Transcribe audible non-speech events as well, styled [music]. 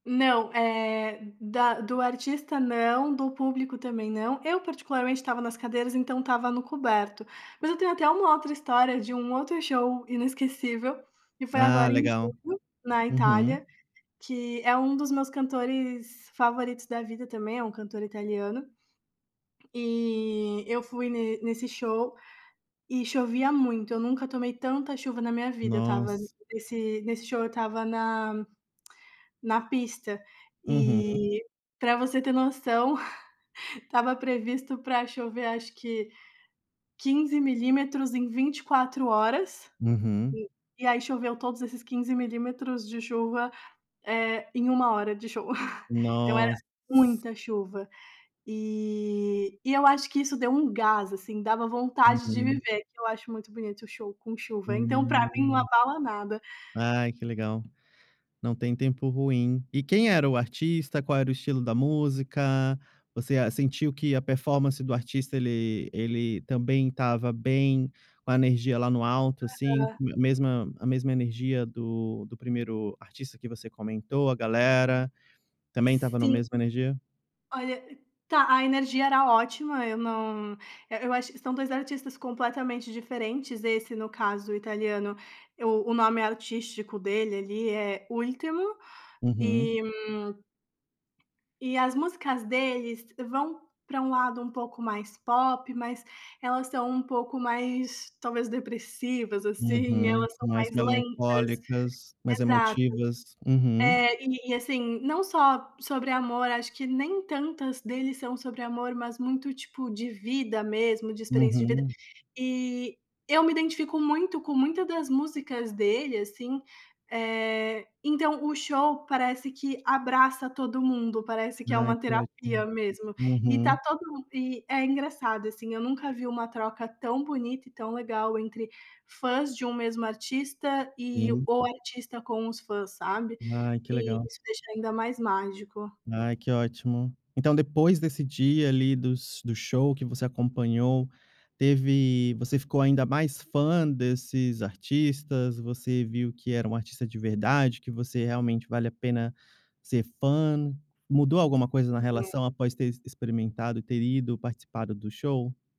Não, eh, da do artista não, do público também não. Eu, particularmente, estava nas cadeiras, então estava no coberto. Mas eu tenho até uma outra história, de um outro show inesquecível, que foi Ah, agora em legal. junho, na Uhum. Itália, que é um dos meus cantores favoritos da vida também. É um cantor italiano. E eu fui ne nesse show e chovia muito. Eu nunca tomei tanta chuva na minha vida. Eu estava Nossa. nesse nesse show, eu estava na [clicks tongue] na pista. Uhum. E pra você ter noção, [chuckles] estava previsto pra chover, acho que 15 milímetros em 24 horas. Uhum. E e aí choveu todos esses 15 milímetros de chuva, eh, em 1 hora de show. [chuckles] Então era Nossa. muita chuva. E e eu acho que isso deu um gás, assim, dava vontade de Uhum. viver. Que eu acho muito bonito o show com chuva, então pra mim não Hum. abala nada. Ai, que legal. Não tem tempo ruim. E quem era o artista? Qual era o estilo da música? Você a sentiu que a performance do artista ele ele também estava bem, com a energia lá no alto, assim, Aham. a mesma a mesma energia do do primeiro artista que você comentou, a galera também estava na Sim. mesma energia? Olha, tá, a energia era ótima, eu não eh, eu acho que são 2 artistas completamente diferentes, esse no caso italiano, eu o nome artístico dele ali é Ultimo Uhum. e, hum, e as músicas deles vão pra um lado um pouco mais pop, mas elas são um pouco mais, talvez, depressivas, assim, Uhum. elas são Mais mais lentas, melancólicas, mais exato. emotivas. Uhum. É, e assim, não só sobre amor, acho que nem tantas deles são sobre amor, mas muito, tipo, de vida mesmo, de experiência de vida. Uhum. E eu me identifico muito com muita das músicas dele, assim. Eh, então, o show parece que abraça todo mundo, parece que é Ai, uma que terapia ótimo. mesmo, e tá Uhum. todo mundo e é engraçado assim, eu nunca vi uma troca tão bonita e tão legal entre fãs de um mesmo artista e Sim. o artista com os fãs, sabe? Ai, que E legal. isso deixa ainda mais mágico. Ai, que ótimo. Então depois desse dia ali, dos do show que você acompanhou, teve você ficou ainda mais fã desses artistas? Você viu que era um artista de verdade que você, realmente, vale a pena ser fã? Mudou alguma coisa na Sim, é. relação após ter ex experimentado e ter ido, participado do show?